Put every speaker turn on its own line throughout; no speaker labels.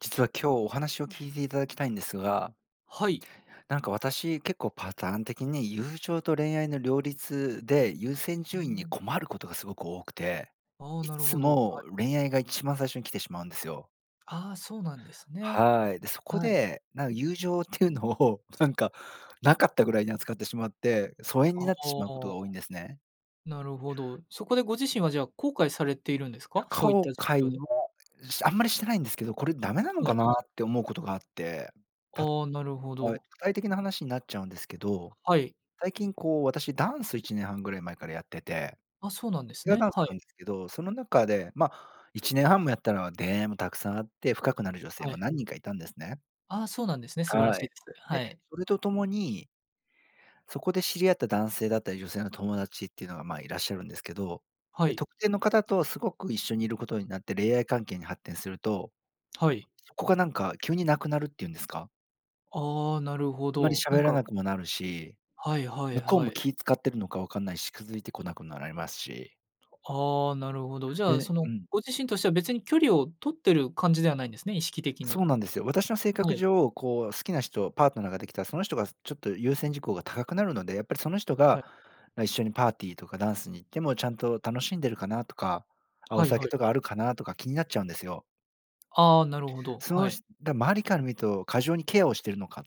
実は今日お話を聞いていただきたいんですが。
はい。
なんか私、結構パターン的に友情と恋愛の両立で、優先
う
順位に
ん。
困ることがすごく多くて。
ああ、
い
なる
つ
ほど、は
も
い。
恋愛が一番最初に来てしまうんですよ。
ああ、そうなんですね。
はい。で、そこ
はい。
で、なん友情っていうのをなんかなかったぐらいに扱ってしまって、疎遠に
あ
なってしまうことが
あ。
多いんですね。
なるほど、そこでご自身は、じゃ、後悔されているんですか？そういっ
後
た
悔
状況で。
も、しあんまりしてないんですけど、これダメなの
は
か
い。
なって思うことがあって。た
ああ、なるほ
はい。
ど。
具体的な話になっちゃうんですけど、
あ、はい。
最近、こう、私ダンス1年半ぐらい前からやってて。
あ、そうなんです
ペア
ね。
ダンス
は
な
い。
んですけど、その中で、ま、1年半もやったら出会いもたくさんあって、深くなる女性
は
も
い。
何人かいたんですね。
あ、そうなんですね。素晴らし
は
い
い。
です。
で、
はい。
それと共にそこで知り合った男性だったり女性の友達っていうのが、まあ、いらっしゃるんですけど、
は
で、
い。
特定の方とすごく一緒にいることになって恋愛関係に発展すると、
はい。
そこがなんか急になくなるっていうんですか。
ああ、なるほ
あんまり
ど、なん
喋ら
か
なくもなるし、
はいはい
向こう
は
も
い。
気使ってるのか分かんないし、気づいて来なくなられますし。
ああ、なるほど。じゃ、
で
そ
う
の、
ん。
ご自身としては別に距離を取ってる感じではないんですね、意識的
そ
に。
うなんですよ。私の性
は
格
い。
上、こう、好きな人、パートナーができたら、その人が、ちょっと、優先事項が高くなるので、やっぱり、その人
は
が
い。
一緒にパーティーとかダンスに行ってもちゃんと楽しんでるかなとか、あ、お
はいは
酒
い。
とかあるかなとか気になっちゃうんですよ。
ああ、なるほど、
そ
は
う
い。
しだ、周りから見ると過剰にケアをしているのかっ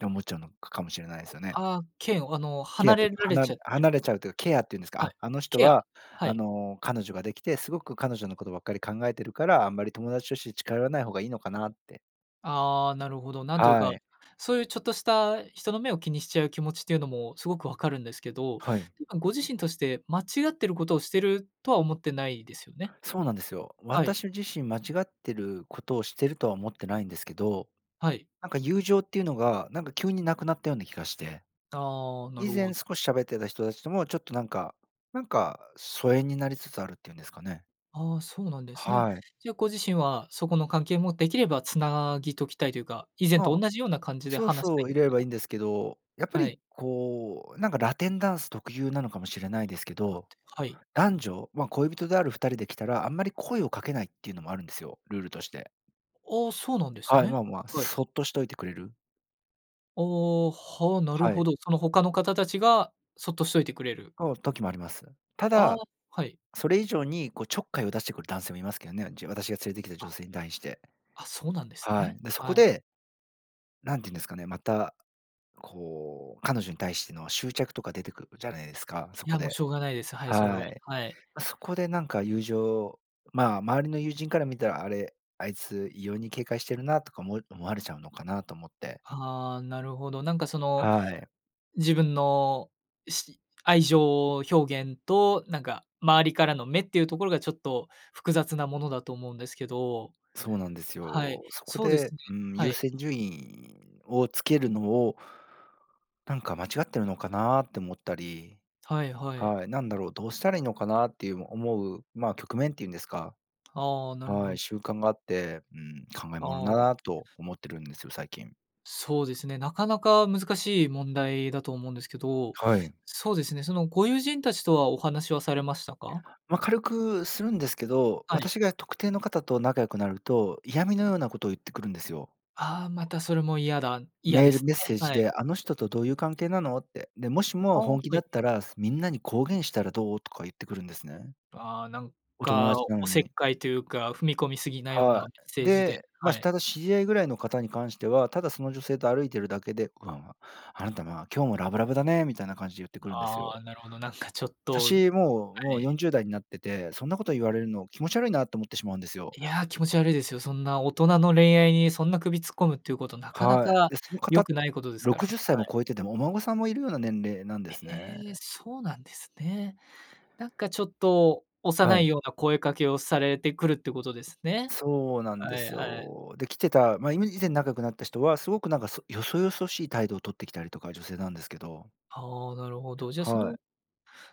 て思っちゃうのかもしれないですよね。
あ、嫌悪、あの、
ケア
離
って
れ
いうか、
ら
は
れちゃ
な
ってる。
離れちゃうというケアっていうんですか。
はい、
あ、あの人
ケア、
は、
は
あ
い。
の、彼女ができて、すごく彼女のことばっかり考えてるから、あんまり友達として近寄らない方がいいのかなって。
ああ、なるほど。なんという
は
か、
い。
そういうちょっとした人の目を気にしちゃう気持ちっていうのもすごくわかるんですけど、
はい。
今ご自身として間違っていることをしているとは思ってないですよね？
そうなんですよ。
はい。
私自身間違ってることをしているとは思ってないんですけど、
はい。
なんか、友情っていうのが、なんか、急になくなったような気がして。
ああ、な
以
るほ
前
ど。
少し喋ってた人たちとも、ちょっと、なんか、なんか、疎遠になりつつあるっていうんですかね。
あ、そうなんですね。
はい。
じゃ、ご自身はそこの関係もできれば繋ぎときたいというか、以前と
ま、
同じような感じで
そう
話した
そ
いん
う、い
です
れれ
か
ばい
ね？
いんですけど、やっぱ
はい。
り、こう、なんか、ラテンダンス特有なのかもしれないですけ
あ、
ど、
はい。
男女、ま、恋人である2人で来たら、あんまり声をかけないっていうのもあるんですよ、ルールとして。
あ、そうなんです
はい、ま
ね。
あまあ、
はい。
そっとしといてくれる。
ああ、は、なる
はい。
ほど、その他の方たちがそっとしといてくれる。
の、時もあります。た
あ。
だ、
はい。
それ以上に、こう、ちょっかいを出してくる男性もいますけどね。じ私が連れてきた
あ。
女性に対して。
あ、そうなんです
は
ね、
い。で、そこ
はい。
でなんて言うんですかね、また、こう、彼女に対しての執着とか出てくるじゃないですか、そ
い
こ
や、もう、
で
しょうがないです、はい、それは、
はい。
はい。
ま、そこで、なんか、友情ま、周りの友人から見たら「あれ、あいつ異様に警戒してるな」とかおも思われちゃうのかなと思って。
はあ、なるほど。なんか、その、
はい。
自分のし愛情表現と、なんか、周りからの目っていうところが、ちょっと、複雑なものだと思うんですけど。
そうなんです
はい、
よ。そこ
そうです
で、
ね
うん、
は
優
い。
先順位をつけるのを、なんか、間違ってるのかなって思ったり。
はいはい。
はい、なんだろう、どうしたらいいのかなっていう、思う、ま、局面っていうんですか？
ああ、なる
は
ほ
い、
ど。
習慣があって、うん、考え
あ
ものだ
あ。
なと思ってるんですよ、最近。
そうですね、なかなか難しい問題だと思うんですけど、
はい。
そうですね、そのご友人たちとはお話はされましたか？
ま、軽くするんですけど、
はい。
私が特定の方と仲良くなると嫌味のようなことを言ってくるんですよ。
ああ、またそれも嫌だ、嫌
メ
で
ール
す
メッ
ね、
セー
は
ジ
い。
で「あの人とどういう関係なの？」って。で「もしも
あ、
本気
は
だ
い。
ったら、みんなに公言したらどう？」とか言ってくるんですね。
ああ、なん
お友
か、
達なの
おせっ
に。
かいというか踏み込み過ぎなような
は
メッ
い、
セージで
で、
は
ま、
い。
ただ知り合いぐらいの方に関しては、ただその女性と歩いているだけで、こう「あなた、ま、今日もラブラブだね」みたいな感じで言ってくるんです
あ
よ。
あ、なるほど、なんか、ちょっと、
私も、
は
もうよ
い。
んじゅうだいになってて、そんなこと言われるの気持ち悪いなと思ってしまうんですよ。
いや、気持ち悪いですよ。そんな大人の恋愛にそんな首突っ込むっていうこと、なかな
は
か
い、で、その
良
方、
くないことです
ろ
か
く
ら、
じゅっさい
は
も
い。
超えてて、もうお孫さんもいるような年齢なんですね。
ええ、そうなんですね。なんか、ちょっと、
は
幼い
い。
ような声かけをされてくるってことですね、
そうなんで
はい
す
はい。
よ。で、来てたま、い以前仲良くなった人はすごく、なんか、そよそよそしい態度を取ってきたりとか、女性なんですけど。
はあ、なるほど。じゃ、そ
は
の
い。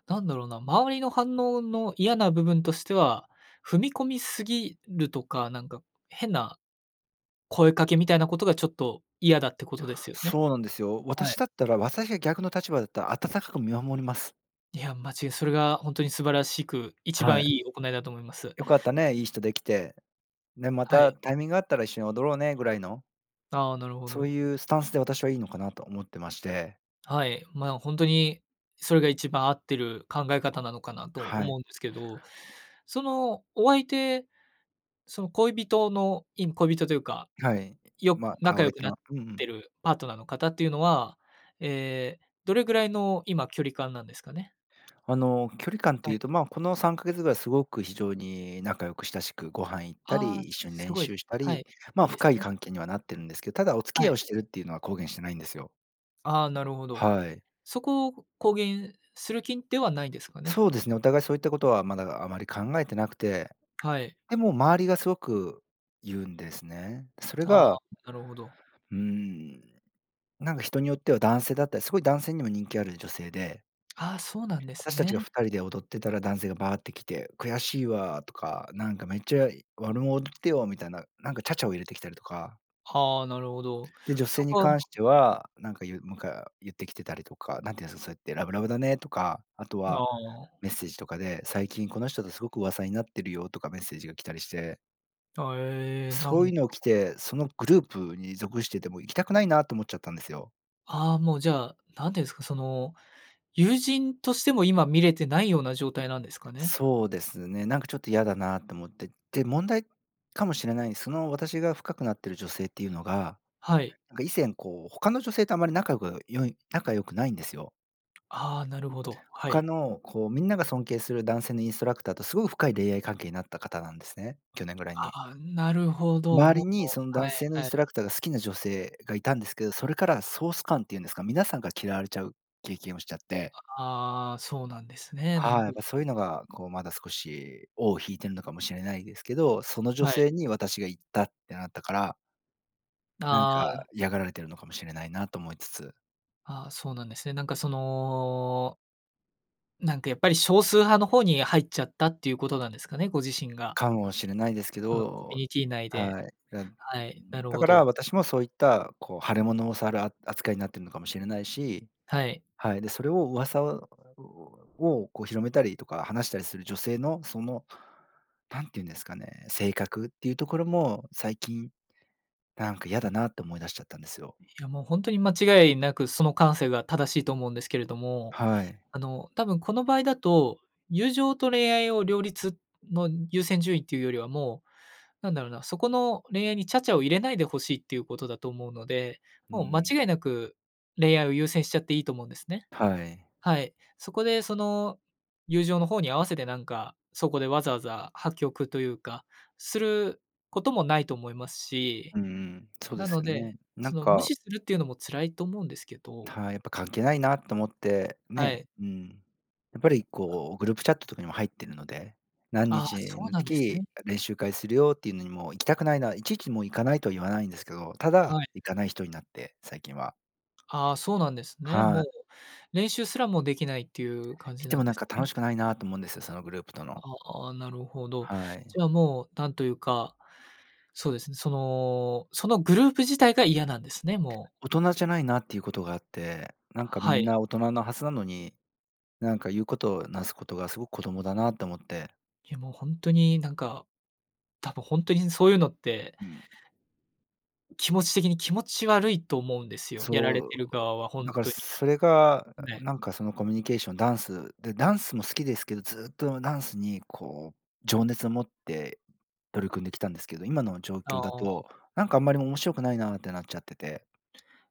なんだろうな、周りの反応の嫌な部分としては、踏み込みすぎるとか、なんか、変な声かけみたいなことが、ちょっと、嫌だってことですよね。
そうなんですよ、
は
私
い。
だったら、私が逆の立場だったら、温かく見守ります。
いや、まじそれが本当に素晴らしく、一
は
番
い。
いい行いだと思います。
「良かったね、いい人できて。で、ま
は
た
い。
タイミングあったら一緒に踊ろうね」ぐらいの
ああ、なるほ
そう
ど。
いうスタンスで私はいいのかなと思ってまして。
はい、まあ、本当にそれが一番合ってる考え方なのかなと
は
思
い。
うんですけど、その、お相手、その恋人の、いむ恋人というか、
はい。
よ
まあ、おあ
仲
わ
良
い
く
て
なっ
のうんう
て
ん。
るパートナーの方っていうのは、ええ、どれぐらいの今距離感なんですかね？
あの、距離感っ
は
てい
い。
うと、まあ、この3か月ぐらいすごく非常に仲良く親しくご飯行った
あ、
り、一緒に
す
練
ごいで
習
す
し
ね。
た
は
り、
い、
ま
い
あ、
いです
深い
ね。
関係にはなってるんですけ、ただ、お付き
は
合い
い。
をしてるっていうのは公言してないんですよ。
ああ、なるほど。
はい。
そこを公言する気ではないですかね？
そうですね、お互いそういったことは、まだ、あまり考えてなくて。
はい。
でも周りがすごく言うんですね。それ
ああ、
が
なるほど。
うーん。なんか人によっては男性だったり、すごい男性にも人気ある女性で
あ、そうなんです
私たちが
ね。
2人で踊ってたら男性がバーって来て「悔しいわ」とか「なんかめっちゃ [unintelligible] ってよ」みたいな、なんか茶々を入れてきたりとか。
はあ、なるほど。
で、女
そ
性に
こは、ほん
関
と
し
に
て
ね。
は、なんかゆむか言ってきてたりとか、何て言うんですかそうやって「ラブラブだね」とか、あと
あ
は
あ。
メッセージとかで「最近この人とすごく噂になってるよ」とかメッセージが来たりして。
あえ、な
そう
ん
いうのを来
か
て、そのグループに属してても行きたくないなと思っちゃったんですよ。
ああ、もうじゃあ、何て言うんですか、その、友人としても今見れてないような状態なんですかね？
そうですね、なんかちょっと嫌だなと思って。で、問題かもしれない。その私が深くなっている女性っていうのが、
はい。
なんか、以前、こう、他の女性とあまり仲良く良い仲良くないんですよ。
ああ、なるほど、は
他
い。
の、こう、みんなが尊敬する男性のインストラクターとすごく深い恋愛関係になった方なんですね。去年ぐらい
あ
に。
あ、なるほど、
周
も
り
う、
にその
は
男
い、
性のイン
は
ス
い。
トラクターが好きな女性がいたんですけど、それから総スカンっていうんですか、皆さんから嫌われちゃう経験をしちゃって。
ああ、そうなんですね。なん
は
か
い、
て
やっ
いう
ぱ、
か。
そういうのが、こう、まだ少し尾を引いているのかもしれないですけど、その女
はい。
性に私が行ったってなったから。なん
あ
か、
あ。
嫌がられているのかもしれないなと思いつつ。
ああ、そうなんですね。なんかそのなんか、やっぱり、少数派の方に入っちゃったっていうことなんですかね？ご自身が。
かもしれないですけ
そのコミュ
ど。
ニティ内で、
はい。だ
はい、なる
だ
ほ
から
ど。
私もそういったこう腫れ物を触るあ扱いになっているのかもしれないし、
はい。
はい、で、それを噂ををこう広めたりとか話したりする女性のその、なんて言うんですかね、性格っていうところも最近、なんか嫌だなって思い出しちゃったんですよ。
いや、もう、本当に間違いなくその感性が正しいと思うんですけれども、
はい。
あの多分この場合だと、友情と恋愛を両立の優先順位っていうよりは、もう、なんだろうな、そこの恋愛に茶々を入れないで欲しいっていうことだと思うので、
う
もう間
ん。
違いなく恋愛を優先しちゃっていいと思うんですね。
はい。
はい、そこでその、友情の方に合わせて、なんか、そこでわざわざ破局というか、することもないと思いますし、
うんうん、そうで
な
す
の
よね。
で
な
そ
ん
の無
か
視するっていうのも辛いと思うんですけど。
はい、やっぱ関係ないなと思って、
は
ね、
い。
うん。やっぱり、
あ。
こう、グループチャットとかにも入っているので、何
ああ、
日
そう
の
なんです
時、
ね。
練習会するよっていうのにも行きたくないな、いちいちもう行かないとは言わないんですけど、た
は
だ
い。
行かない人になって、最近は。
ああ、そうなんですね。
は
も
い。
う、練習すらもできないっていう感
行
じ
って
な
も、
んで
なん
す
か、
ね。
楽しくないなと思うんですよ、そのグループとの
ああ、なるほど。
はい。
じゃあ、もう、なんというか、そうですね、その、そのグループ自体が嫌なんですね、もう。
大人じゃないなっていうことがあって。なんか、み
は
ん
い。
な大人のはずなのに、なんか、言うことなすことがすごく子供だなと思って。
いや、もう、本当に、なんか、多分本当にそういうのって
うん。
気持ち的に気持ち悪いと思うんですよ。やら
そ
れ
う、
てる側は
だ
本
から
当に、
それが、
ね。
なんか、その、コミュニケーション、ダンスで、ダンスも好きですけど、ずっとダンスに、こう、情熱を持って取り組んできたんですけど、今の状況
あ
だ
あ。
と、なんか、あんまり面白くないなってなっちゃってて。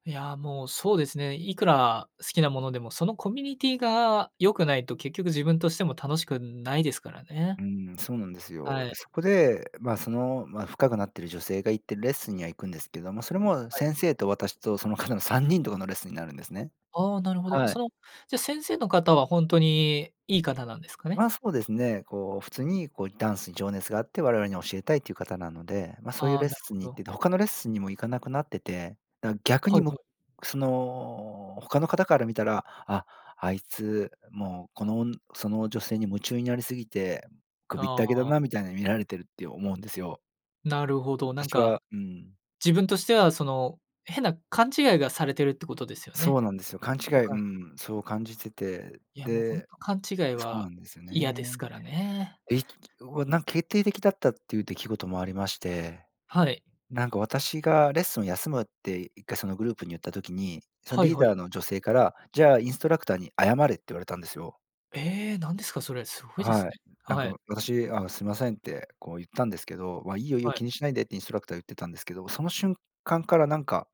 いや、もう、そうですね。いくら好きなものでも、そのコミュニティが良くないと結局自分としても楽しくないですからね。
うん、そうなんです
は
よ。
い。
で、そこで、ま、その、ま、深くなっている女性が行ってるレッスンには行くんですけども、それも
はい。
先生と私とその方の3人とかのレッスンになるんですね。
ああ、なるほど。
は
そ
い。
の、じゃ先生の方は本当にいい方なんですかね。
ま、そうですね。こう、普通に、こう、ダンスに情熱があって我々に教えたいっていう方なので、ま、そういう
ああ、
レッ
なる
ス
ほ
ンに行っ
ど。
てて他のレッスンにも行かなくなってて、な逆
は
に、
い
む
はい。
その、他の方から見たら、あ、あいつ、もう、このおんその女性に夢中になりすぎて、首っ
あ
たけだ
あ。
なみたいに見られてるって思うんですよ。
なるほど、なん
私
か
はうん。
自分としては、その、変な勘違いがされているってことですよ
そ
ね。
うなんですよ、勘違
ほ
い、う
かに。
ん、そう感じてて。
いや、もう本
で
当勘違い
そう
は
なんですよ
嫌です
ね。
からね。
え、わ、なんか、決定的だったっていう出来事もありまして。
はい。
なんか、私がレッスンを休むって1回そのグループに言った時に、その
はい
リー
はい。
ダーの女性から、「じゃあ、インストラクターに謝れ」って言われたんですよ。
ええ、何ですかそれ。すごいです
はい。
ね。
なん
はい。
か、私、「あ、すいません」って、こう、言ったんですけど、「ま、いいよ、いい
は
よ。
い。
気にしないで」ってインストラクター言ってたんですけど、その瞬間からなんか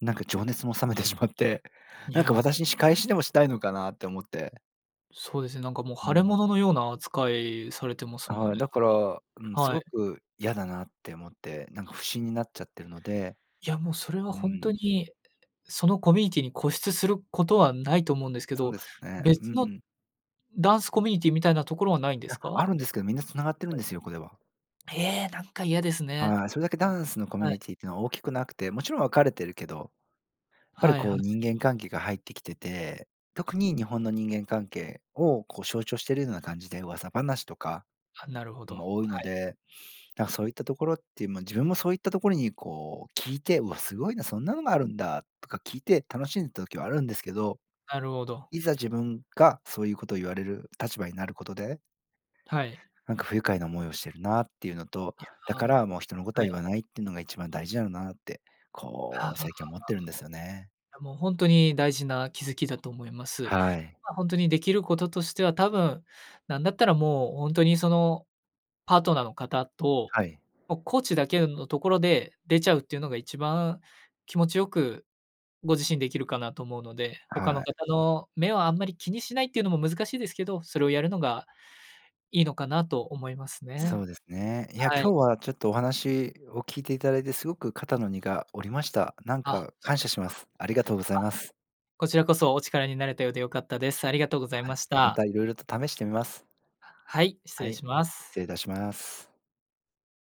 なんか情熱も冷めてしまって、
い
なんか
や、も
私に仕
う。
返しでもしたいのかなって思って。
そうですね、なんか、もう、
う
腫れ
ん。
物のような扱いされてますもん
はい、
ね、
だか
なん
ら、うん、
か、
す
は
ご
い。
く嫌だなって思って、なんか不審になっちゃってるので
いや、もうそれは
う
本当
ん。
に、その、コミュニティに固執することはないと思うんですけ
そう
ど、
ですよね。うん
別
う
の
ん。
ダンスコミュニティみたいなところはないんで
い
す
や、
か？
あるんですけど、みんなつながってる
は
ん
い。
ですよ、これは。
ええ、なんか嫌ですね。
はい、それだけダンスのコミ
は
ュ
い。
ニティっていうのは大きくなくて、もちろん分かれてるけど。やっぱり、
はい
こ
は
う、
い。
人間関係が入ってきてて、特に日本の人間関係を、こう、象徴しているような感じで噂話とか
あ、なるほど、
も多い
は
の
い。
で。なんかそういったところっていう、まあ、自分もそういったところに、こう、聞いて、うわ、すごいな、そんなのがあるんだとか聞いて楽しんでた時はあるんですけど。
なるほど。
いざ自分がそういうことを言われる立場になることで
はい。
なんか、不愉快な思いをしているなっていうのと。
い
だ
や、
か
も
ら、もう、人のこ
う、
と
は
は
い。
言わないっていうのが一番大事だよなって、
あ
こう、
あ。
最近は思ってるんですよね。
いや、本当に大事な気づきだと思います。
はい。
まあ、本当にできることとしては、多分なんだったらもう本当にそのパートナーの方と、
はい。
もう、コーチだけ、んのところで出ちゃうっていうのが一番気持ちよくご自身できるかなと思うので、他
は
の方
い。
の目はあんまり気にしないっていうのも難しいですけど、それをやるのがいいのかなと思います
そ
ね。
うですね。いや、
は
今
い。
日はちょっとお話を聞いていただいてすごく肩の荷が下りました。なん
あ、そ
か、感
う
謝
です
し
か。
ま
あ、
す。ありがとうございます。
こちらこそお力になれたようで良かったです。ありがとうござい
はい、
まし
ま
た。
た色々と試してみます。
はい、失
は
礼
い、
しま
失
す。
礼いたします。